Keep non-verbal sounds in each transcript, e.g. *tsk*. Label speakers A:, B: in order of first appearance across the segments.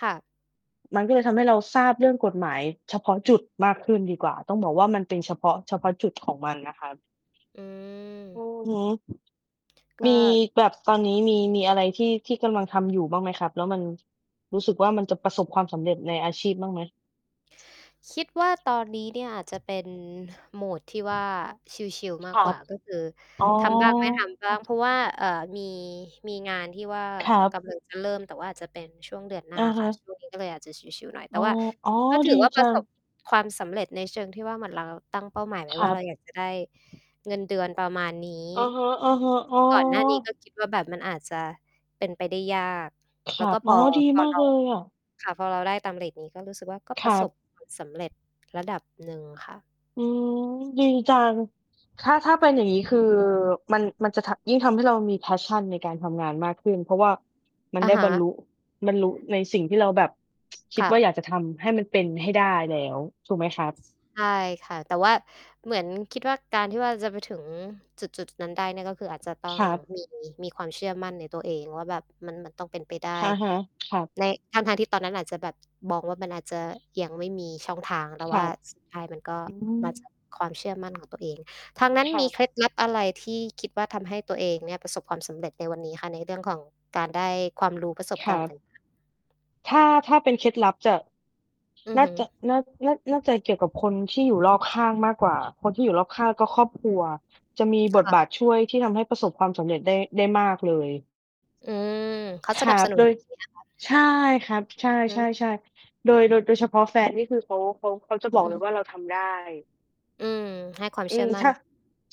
A: ค่ะ
B: มันก็เลยทำให้เราทราบเรื่องกฎหมายเฉพาะจุดมากขึ้นดีกว่า ต้องบอกว่า มันเป็นเฉพาะ เฉพาะจุดของมันนะครับ
A: อ
B: อื
A: ือ
B: อฮึ
A: ก
B: มี
A: ็
B: แบบ ตอนนี้มี มีอะไรที่ ที่กำลังทำอยู่บ้างไหมครับ? แล้วมันรู้สึกว่า มันจะประสบความสำเร็จในอาชีพบ้างไหม?
A: คิดว่า ตอนนี้เนี่ยอาจจะเป็น mode ที่ว่า ชิล ๆ ม
B: ค
A: า
B: ร
A: กก
B: ั
A: ว
B: บ
A: ่า ก็คือ
B: อ๋อ
A: ทำบ้างไม่ทำบ้าง เพราะว่า เอ่อ มี มีงานที่ว่า
B: ครั
A: ก
B: บ
A: ำลัง จะเริ่ม แต่ว่าอาจจะเป็นช่วงเดือนหน
B: อื
A: ้า
B: อฮ
A: ค
B: ึ
A: ่ะ ช่วงนี้ ก็เลยอาจจะชิล ๆ หน่อย แ
B: อ
A: ต
B: ๋
A: ่
B: อ
A: ว่า
B: อ๋อ
A: ก็ถ
B: ด
A: ื
B: ี
A: อว่า ป
B: จ
A: ร
B: ั
A: ะส
B: ง
A: บ ความสำเร็จในเชิงที่ว่า เหมือนเราตั้งเป้าหมายไว
B: ค
A: ้
B: ร
A: ว
B: ั
A: ่า
B: บ
A: เรา อยากจะ ได้เงินเดือนประมาณนี้
B: อือฮึ ๆ อ๋อ
A: ก่อนหน้านี้ก็คิดว่าแบบ มันอาจจะเป็นไปได้ยาก
B: ค
A: แ
B: ร
A: ล
B: ั
A: ้วก
B: บ
A: ็ พ
B: อ๋อ
A: อ
B: ดี
A: พอ
B: มา
A: เ
B: ก
A: รา
B: เลยอะ
A: ค่ะ พอเราได้ตามเรตนี้ก็รู้สึกว่า ก็
B: ค
A: ปร
B: ร
A: ะ
B: ั
A: สบ
B: บ
A: ความ สำเร็จระดับหนึ่งค่ะ
B: อืม ดีจัง ถ้า ถ้าเป็นอย่
A: คือ
B: างงี้ คือ มัน มันจะทำ ยิ่งทำให้เรามี Passion ในการทำงานมากขึ้น เพราะว่ามัน
A: อะ
B: ได้
A: ฮ
B: บรรล
A: ะ
B: ุ บรรลุในสิ่งที่เราแบบ *tsk* คิ
A: ค
B: ด
A: ่
B: ว่า
A: ะ
B: อยากจะทำให้มันเป็นให้ได้แล้ว ถูกไหมครับ?
A: ใช่ค่ะ แต่ว่าเหมือน คิดว่า การที่ว่าจะไปถึงจุด ๆ นั้นได้เนี่ย ก็คืออาจจะต้อ
B: ค
A: ง
B: รับ
A: มี มีความเชื่อมั่นในตัวเองว่า แบบมัน มันต้องเป็นไปได้
B: อะฮะ ครับ
A: ใน ทั้ง ๆ ที่ตอนนั้นอาจจะแบบมองว่า มันอาจจะยังไม่มีช่องทาง แต
B: ค
A: ่
B: ร
A: ว่
B: ั
A: า
B: บ
A: สุดท้ายมันก็
B: อื
A: มา จ
B: ม
A: าก ความเชื่อมั่นของตัวเอง ทางนั้น
B: คร
A: ม
B: ั
A: ี
B: บ
A: เคล็ดลับอะไรที่คิดว่า ทำให้ตัวเองเนี่ยประสบความสำเร็จในวันนี้คะ? ในเรื่องของการได้ความรู้ ประสบ
B: ค
A: ก
B: ร
A: า
B: ั
A: รณ์ ต
B: บ
A: ่าง ๆ
B: ถ้า ถ้าเป็นเคล็ดลับจะ
A: อื
B: น
A: อ
B: ่
A: ฮ
B: า
A: ึ
B: จะ น่า น่า น่าจะเกี่ยวกับคน ที่อยู่รอบข้างมากกว่า คนที่อยู่รอบข้าง ก็ครอบครัวจะมี
A: ค
B: บท
A: ่ะ
B: บาทช่วยที่ทำให้ประสบความสำเร็จได้ ได้มากเลย
A: อืม เขา
B: ค
A: ส
B: ร
A: น
B: ั
A: ับส
B: บ
A: นุ
B: โด
A: น
B: ย
A: ดีนะคะ
B: ใช่ครับ ใช
A: อือฮึ
B: ่ ๆ ๆ โดย โดย โดยเฉพาะแฟนนี่ คือ เขา เขา เขาจะบอ
A: อ
B: ก
A: ื
B: เลย
A: ม
B: ว่า "เราทำได้"
A: อืม ให้ความ
B: อ
A: เ
B: ื
A: ชื่อ
B: ม
A: มั่
B: ช
A: น
B: ่ะ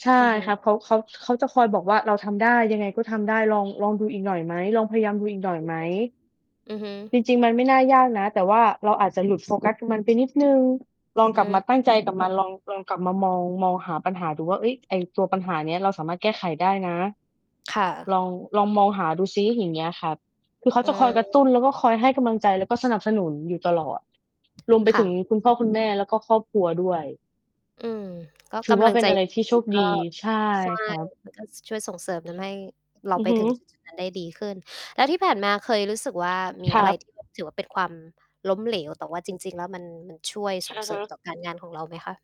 B: ใช่
A: อือฮึ
B: ครับ เขา เขา เขาจะคอยบอกว่า "เราทำได้ ยังไงก็ทำได้ ลอง ลองดูอีกหน่อยไหม? ลองพยายามดูอีกหน่อยไหม?"
A: *unintelligible* อือฮึ
B: จริง ๆ มันไม่น่ายากนะ แต่ว่าเราอาจจะหลุด โฟกัสมัน ไปนิดหนึ่ง ลอง
A: อ
B: ก
A: ื
B: ลับมา
A: ม
B: ตั้งใจกับมัน ลอง ลองกลับมามอง มองหาปัญหาดูว่า เฮ้ย ไอ้ตัวปัญหาเนี้ย เราสามารถแก้ไขได้นะ
A: ค่ะ
B: ลอง ลองมองหาดูซิ อย่างเงี้ยครับ คือเขา
A: อื
B: จะคอยกระ
A: ม
B: ตุ้นแล้วก็คอยให้กำลังใจ แล้วก็สนับสนุนอยู่ตลอด รวมไป
A: ค่
B: ถึง
A: ะ
B: คุณพ่อ คุณแม่ แล้วก็ครอบครัวด้วย
A: อืม ก็
B: ถื
A: ก
B: อว่
A: ำล
B: า
A: ัง
B: เป็
A: ใจ
B: นอะไร
A: ด
B: ที่โช
A: ี
B: ค
A: ๆ ก
B: ด
A: ็
B: ี ใช่
A: ใช่
B: ครับ
A: มันก็ ช่วยส่งเสริมทำให้เรา
B: อื
A: ไ
B: อ
A: ป
B: ฮึ
A: ถึง จุด ๆ นั้น ได้ดีขึ้น แล้วที่ผ่านมาเคยรู้สึกว่า มี
B: ค
A: อ
B: ร
A: ะไ
B: ั
A: ร
B: บ
A: ที่แบบ ถือว่า เป็นความล้มเหลว แต่ว่าจริง ๆ แล้วมัน มันช่วยส
B: อ
A: ่ง
B: ะ
A: เสร
B: ฮ
A: ิมต
B: ะ
A: ่อการงานของเราไหมคะ?